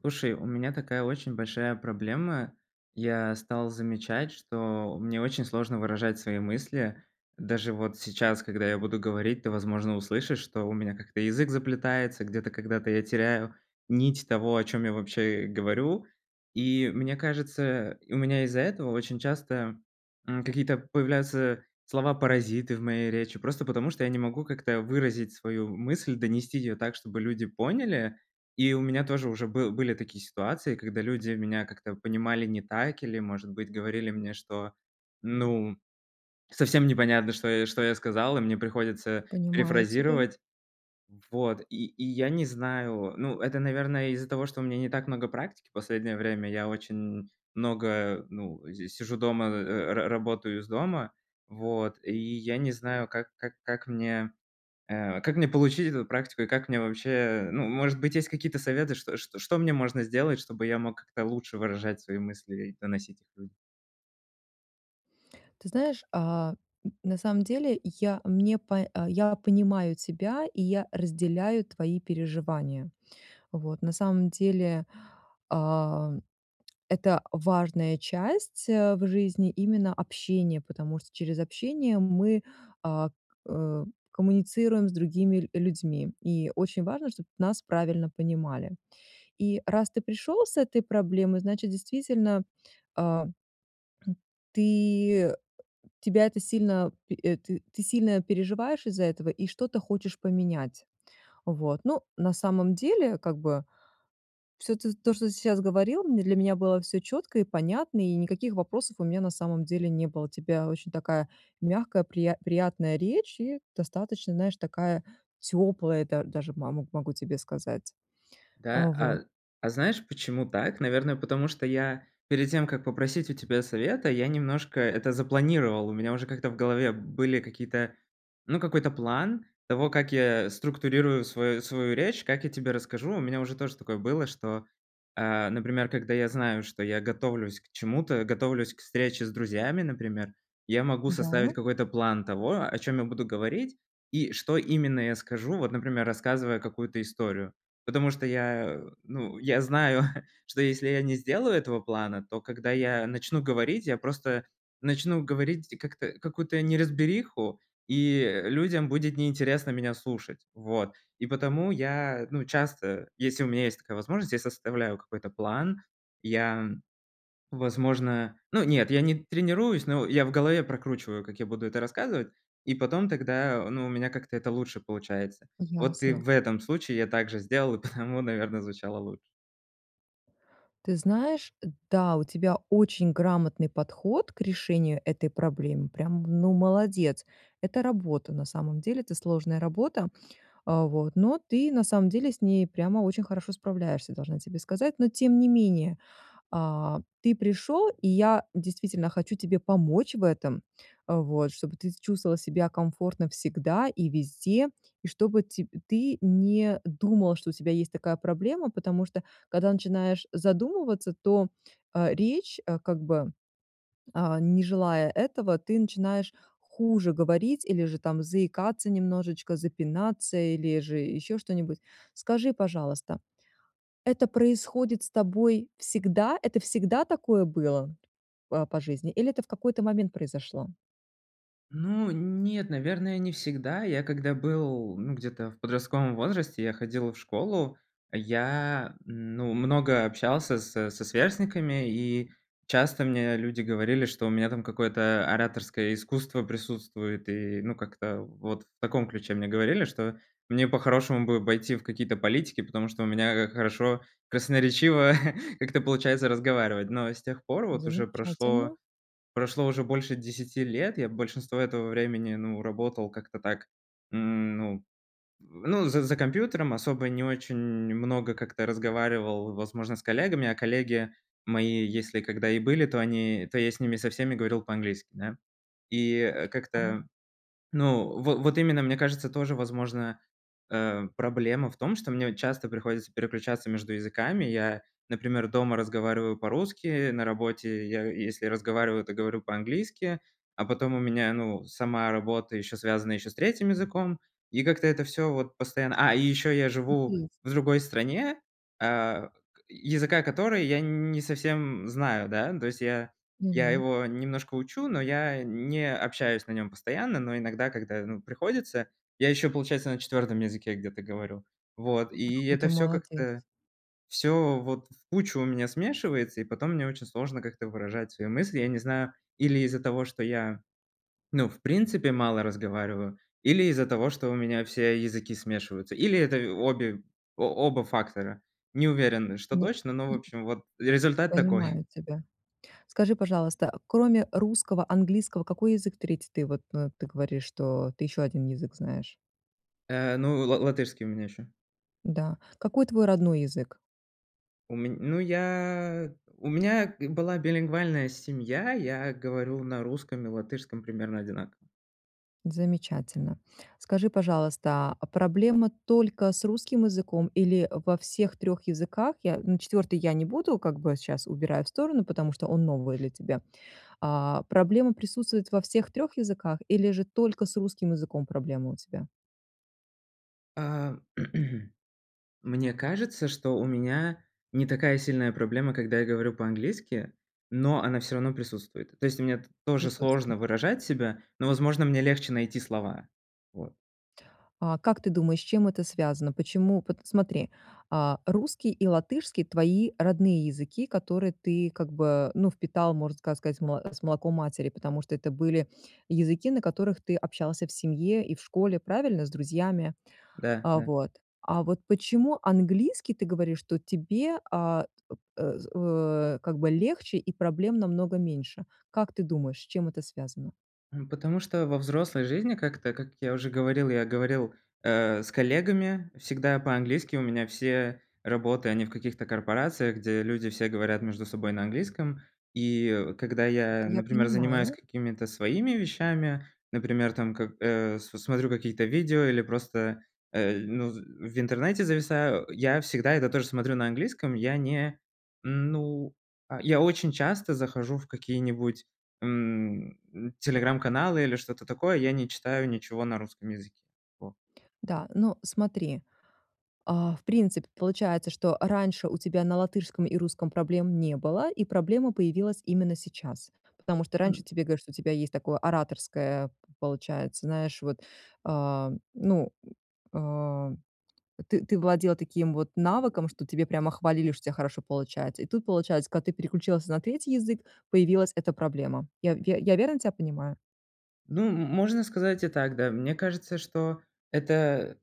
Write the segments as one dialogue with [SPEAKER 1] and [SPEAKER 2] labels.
[SPEAKER 1] Слушай, у меня такая очень большая проблема. Я стал замечать, что мне очень сложно выражать свои мысли. Даже вот сейчас, когда я буду говорить, ты, возможно, услышишь, что у меня как-то язык заплетается, где-то когда-то я теряю нить того, о чём я вообще, э, говорю. И мне кажется, у меня из-за этого очень часто, м, какие-то появляются слова-паразиты в моей речи, просто потому что я не могу, как-то, выразить свою мысль, донести её так, чтобы люди поняли. И у меня тоже уже был были такие ситуации, когда люди меня как-то понимали не так, или, может быть, говорили мне, что, ну, совсем непонятно, что я что я сказал, и мне приходится
[SPEAKER 2] Понимаю тебя.
[SPEAKER 1] перефразировать. Вот, и и я не знаю ну, это, наверное, из-за того, что у меня не так много практики последнее время. Я очень, м, много, ну, здесь сижу дома, э, ра работаю из дома, вот, и я не знаю, как как как мне, э, как мне получить эту практику, и как мне вообще, ну, может быть, есть какие-то советы, что что что мне можно сделать, чтобы я мог как-то лучше выражать свои мысли, и доносить их людям.
[SPEAKER 2] Ты знаешь, а, н на самом деле, я мне, по а я понимаю тебя, и я разделяю твои переживания. Вот, на самом деле, ам, это важная часть, а, в жизни именно общение, потому что через общение мы, а, э, коммуницируем с другими ль людьми. И очень важно, чтоб нас правильно понимали. И раз ты пришел с этой проблемой, значит действительно, а, хм, ты э тебя это сильно пе э, ты сильно переживаешь из-за этого и что-то хочешь поменять. Вот, ну, на самом деле как бы, всё т то что ты сейчас говорил, м, для меня было всё четко и понятно, и никаких вопросов у меня на самом деле не было. У тебя очень такая мягкая прият приятная речь, и достаточно знаешь такая теплая да даже мо могу тебе сказать, э,
[SPEAKER 1] Да,
[SPEAKER 2] вот.
[SPEAKER 1] а, а знаешь, почему так? Наверное, потому что я перед тем, как попросить у тебя совета, я немножко это запланировал. У меня уже как-то в голове были какие-то, ну, какой-то план того, как я структурирую свою свою речь, как я тебе расскажу. У меня уже тоже такое было, что, а, например, когда я знаю, что я готовлюсь к чему-то, готовлюсь к встрече с друзьями, например, я могу составить
[SPEAKER 2] Да.
[SPEAKER 1] какой-то план того, о чём я буду говорить, и что именно я скажу, вот, например, рассказывая какую-то историю. Потому что я, ну, я знаю, что если я не сделаю этого плана, то когда я начну говорить, я просто начну говорить как-то какую-то неразбериху, и, э, людям будет неинтересно меня слушать. Вот, и потому я, ну, часто, если у меня есть такая возможность, я составляю какой-то план, я, возможно, ну, нет, я не тренируюсь, но я в голове прокручиваю, как я буду это рассказывать, и потом тогда, ну, у меня как-то это лучше получается. Вот, и
[SPEAKER 2] Ясно.
[SPEAKER 1] в этом случае я так же сделал, и потому, наверно, звучало лучше.
[SPEAKER 2] Ты знаешь, да, у тебя очень грамотный подход к решению этой проблемы, прям, ну, молодец. Это работа, на самом деле. Это сложная работа. А вот, но ты, на самом деле, с ней прямо очень хорошо справляешься, должна тебе сказать. Но тем не менее, а, ты пришел, и я действительно хочу тебе помочь в этом, э, вот, чтобы ты с чувствовал себя комфортно всегда и везде, и чтобы тебь ты не думал, что у тебя есть такая проблема, потому что когда начинаешь задумываться, то, а, речь, а, как бы, а, не желая этого, ты начинаешь хуже говорить, или же там заикаться немножечко, запинаться, или же еще что-нибудь. Скажи, пожалуйста, это происходит с тобой всегда? Это всегда такое было, э, т а, по жизни, или это в какой-то момент произошло?
[SPEAKER 1] Ну, нет, наверное, не всегда. Я, когда был, ну, где-то, в подростковом возрасте, я ходил в школу, я ну много общался со со сверстниками, и часто мне люди говорили, что у меня там какое-то ораторское искусство присутствует, и, ну, как-то вот в таком ключе мне говорили, что мне по-хорошему бы пойти в какие-то политики, потому что у меня, а, хорошо, красноречиво как-то получается разговаривать. Но с тех пор вот уже прошло
[SPEAKER 2] Замечательно.
[SPEAKER 1] прошло уже больше 10 лет. Я большинство этого времени, ну, работал как-то так, м, ну, з ну, з за компьютером, особо не очень много как-то разговаривал, возможно, с коллегами, а коллеги мои если когда и были, то они то я с ними со всеми говорил по-английски, да. И, э,
[SPEAKER 2] А может
[SPEAKER 1] как-то ну, во вот именно, мне кажется, тоже, возможно, э, проблема в том, что мне часто приходится переключаться между языками. Я, например, дома разговариваю по-русски, на работе я если разговариваю, то говорю по-английски, а потом у меня, ну, сама работа еще связана еще с 3 языком, и как-то это всё вот постоянно, а, и ещё я
[SPEAKER 2] И
[SPEAKER 1] живу
[SPEAKER 2] 3.
[SPEAKER 1] в другой стране, а, к языка которой я н не совсем знаю, да, то есть я я
[SPEAKER 2] Мгм.
[SPEAKER 1] его немножко учу, но я не общаюсь на нем постоянно, но иногда, когда, ну, приходится, я еще, получается, на 4 языке где-то говорю. Вот,
[SPEAKER 2] А,
[SPEAKER 1] и
[SPEAKER 2] какой
[SPEAKER 1] это
[SPEAKER 2] ты
[SPEAKER 1] всё
[SPEAKER 2] молодец.
[SPEAKER 1] как-то, всё вот в кучу у меня смешивается, и потом мне очень сложно как-то выражать свои мысли. Я не знаю, или из-за того, что я, ну, в принципе мало разговариваю, или из-за того, что у меня все языки смешиваются, или это обе о оба фактора. Не уверен, что
[SPEAKER 2] Ну
[SPEAKER 1] точно, но, в
[SPEAKER 2] и
[SPEAKER 1] общем, вот, результат такой.
[SPEAKER 2] Понимаю тебя. Скажи, пожалуйста, кроме русского, английского какой язык 3? Ты вот, ну, ты говоришь, что ты ещё 1 язык знаешь.
[SPEAKER 1] Э, ну, ла латышский у меня ещё.
[SPEAKER 2] Н-да. Какой твой родной язык?
[SPEAKER 1] У мень ну, я у меня г была билингвальная семья, я говорю на русском и латышском примерно одинаково.
[SPEAKER 2] Замечательно. Скажи, пожалуйста, а, проблема только с русским языком, или во всех 3 языках? Я на 4 я не буду, как бы, сейчас убираю в сторону, потому что он новый для тебя, а, проблема присутствует во всех 3 языках или же только с русским языком проблема у тебя?
[SPEAKER 1] Э, мне кажется, что у меня не такая сильная проблема, когда я говорю по-английски, но она всё равно присутствует. То есть мне т тоже сложно
[SPEAKER 2] Присутствует.
[SPEAKER 1] выражать себя, но, возможно, мне легче найти слова. Вот.
[SPEAKER 2] А, как ты думаешь, с чем это связано? Почему? Пот смотри, а, русский и латышский- твои родные языки, которые ты как бы, ну, впитал, можно ска сказать, с молоком матери, потому что это были языки, на которых ты общался в семье и в школе, правильно? С друзьями. А
[SPEAKER 1] Да-да.
[SPEAKER 2] вот. А вот почему английский, ты говоришь, что тебе, а, э, э, как бы легче и проблем намного меньше? Как ты думаешь, с чем это связано?
[SPEAKER 1] М, потому что во взрослой жизни как-то, как я уже говорил, я говорил, э, с коллегами всегда по-английски, у меня все работы, они в каких-то корпорациях, где люди все говорят между собой на английском. И, когда
[SPEAKER 2] Это
[SPEAKER 1] я,
[SPEAKER 2] я
[SPEAKER 1] например, занимаюсь
[SPEAKER 2] понимаю.
[SPEAKER 1] какими-то своими вещами, например, там как, э, с смотрю какие-то видео или просто, э, ну в интернете зависаю, я всегда это тоже смотрю на английском. Я не ну я очень часто захожу в какие-нибудь, м, м, телеграм-каналы или что-то такое, я не читаю ничего на русском языке. Вот.
[SPEAKER 2] Да, ну, смотри. Э, в принципе, получается, что раньше у тебя на латышском и русском проблем не было, и проблема появилась именно сейчас. Потому что раньше
[SPEAKER 1] М.
[SPEAKER 2] тебе говорили, что у тебя есть такое ораторское, п получается, знаешь, вот, а, ну, э, э, т ты владел, а, таким вот навыком, что тебя прямо хвалили, что у тебя хорошо получается, и тут получается, когда ты переключилась на 3 язык, появилась эта проблема. Я я я верно тя понимаю?
[SPEAKER 1] Ну, м можно сказать и так, да. Мне кажется, что это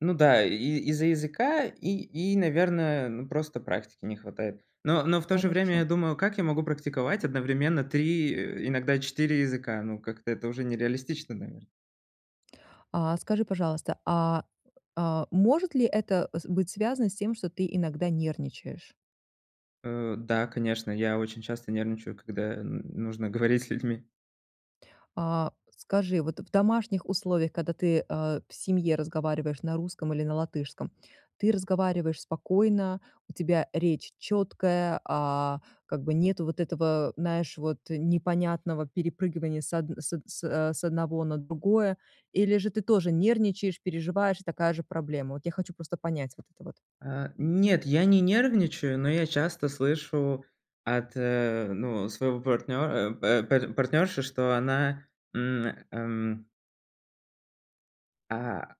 [SPEAKER 1] ну да, и из-за языка и и наверное, ну просто практики не хватает. Но но в то же время
[SPEAKER 2] Хорошо.
[SPEAKER 1] я думаю: "Как я могу практиковать одновременно 3, э, иногда 4 языка?" Ну, как-то это уже не реалистично, навер
[SPEAKER 2] А, скажи, пожалуйста, а, а, может ли это, э, с быть связано с тем, что ты иногда нервничаешь?
[SPEAKER 1] Э, да, конечно, я очень часто нервничаю, когда н нужно говорить с людьми.
[SPEAKER 2] А, скажи, вот в домашних условиях, когда ты, а, в семье разговариваешь на русском или на латышском- ты разговариваешь спокойно, у тебя речь чёткая, а, как бы нету вот этого, знаешь, вот непонятного перепрыгивания с одн с од с, а, с одного на другое? Или же ты тоже нервничаешь, переживаешь, и такая же проблема? Вот я хочу просто понять вот это вот.
[SPEAKER 1] Э, нет, я не нервничаю, но я часто слышу от, э, ну, своего партнёра, э, па па партнёрши, что она, м, эм а,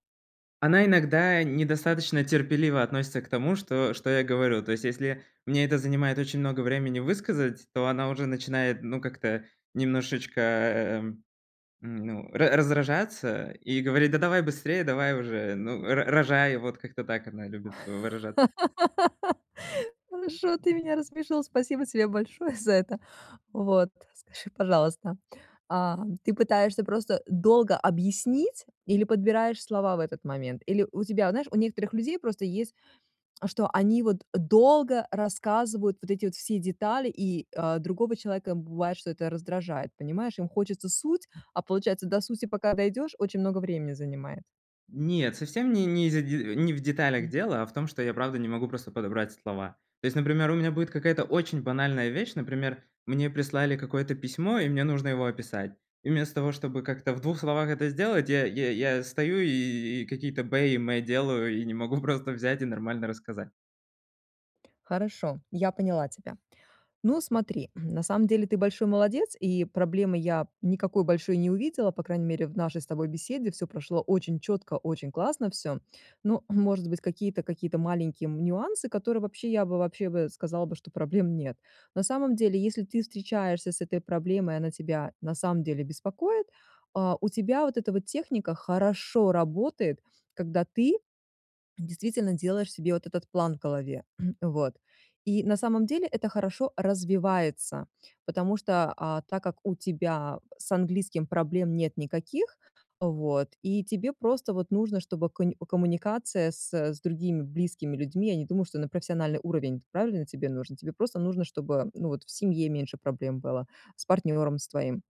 [SPEAKER 1] она иногда недостаточно терпеливо относится к тому, что что я говорю. То есть если мне это занимает очень много времени высказать, то она уже начинает, ну, как-то немножечко, э, ну, ра раздражаться, и говорить: "Да давай быстрее, давай уже, ну, ро рожай". Вот как-то так она любит выражаться.
[SPEAKER 2] Хорошо, ты меня рассмешил. Спасибо тебе большое за это. Вот, скажи, пожалуйста, а, ты пытаешься просто долго объяснить или подбираешь слова в этот момент? Или у тебя, вот знаешь, у некоторых людей просто есть, что они вот долго рассказывают вот эти вот все детали, и, а, другого человека бывает, что это раздражает, понимаешь? Им хочется суть, а получается до сути пока дойдёшь, очень много времени занимает.
[SPEAKER 1] Нет, совсем не не из-за де э, не в деталях дело, а в том, что я правда не могу просто подобрать слова. То есть, например, у меня будет какая-то очень банальная вещь. Например, мне прислали какое-то письмо, и мне нужно его описать. И вместо того, чтобы как-то в двух словах это сделать, я я я стою и и какие-то бэ и мэ делаю, и не могу просто взять и нормально рассказать.
[SPEAKER 2] Хорошо, я поняла тебя. Ну смотри, на самом деле- ты большой молодец, и проблемы я никакой большой не увидела, по крайней мере в нашей с тобой беседе. Всё прошло очень чётко, очень классно всё. Ну, может быть, какие-то какие-то маленькие, м, нюансы, которые вообще, я бы вообще бы сказала бы, что проблем нет. На самом деле, если ты встречаешься с этой проблемой, она тебя на самом деле беспокоит а, у тебя вот эта вот техника хорошо работает, когда ты действительно делаешь себе вот этот план в голове. Вот, и на самом деле это хорошо развивается, потому что, а, так как у тебя с английским проблем нет никаких, вот, и тебе просто вот нужно, чтобы конь коммуникация с, э, с другими близкими людьми- я не думаю, что на профессиональный уровень, правильно, тебе нужно? Тебе просто нужно, чтобы, ну, вот в семье меньше проблем было, с партнером с твоим.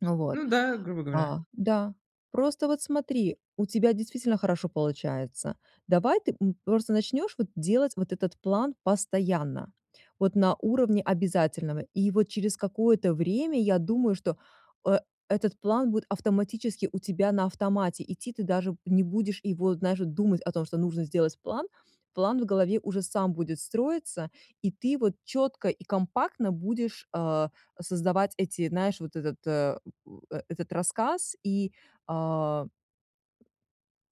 [SPEAKER 2] Ну, вот,
[SPEAKER 1] Ну да, грубо
[SPEAKER 2] а,
[SPEAKER 1] говоря.
[SPEAKER 2] да, просто вот смотри, у тебя действительно хорошо получается. Давай ты, м, просто начнешь вот делать вот этот план постоянно, вот на уровне обязательного. И вот через какое-то время, я думаю, что э этот план будет автоматически у тебя на автомате идти. Ты даже не будешь его, знаешь вот, думать о том, что нужно сделать план. План в голове уже сам будет строиться, и ты вот чётко и компактно будешь, а, создавать эти, знаешь, вот этот, э, м, э этот рассказ, и, а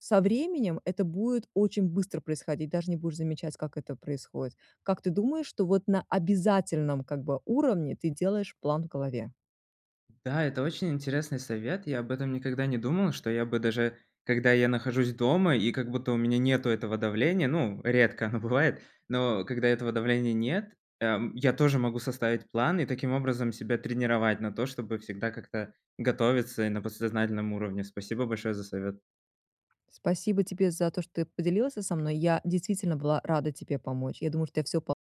[SPEAKER 2] Со временем это будет очень быстро происходить, даже не будешь замечать, как это происходит. Как ты думаешь, что вот на обязательном, как бы, уровне ты делаешь план в голове?
[SPEAKER 1] Да, это очень интересный совет. Я об этом никогда не думал, что я бы, даже когда я нахожусь дома, и как будто у меня нету этого давления, ну, редко оно бывает, но когда этого давления нет, эм, я тоже могу составить план и таким образом себя тренировать на то, чтобы всегда как-то готовиться и на подсознательном уровне. Спасибо большое за совет.
[SPEAKER 2] Спасибо тебе за то, что ты поделился со мной. Я действительно была рада тебе помочь. Я думаю, что у тя всё по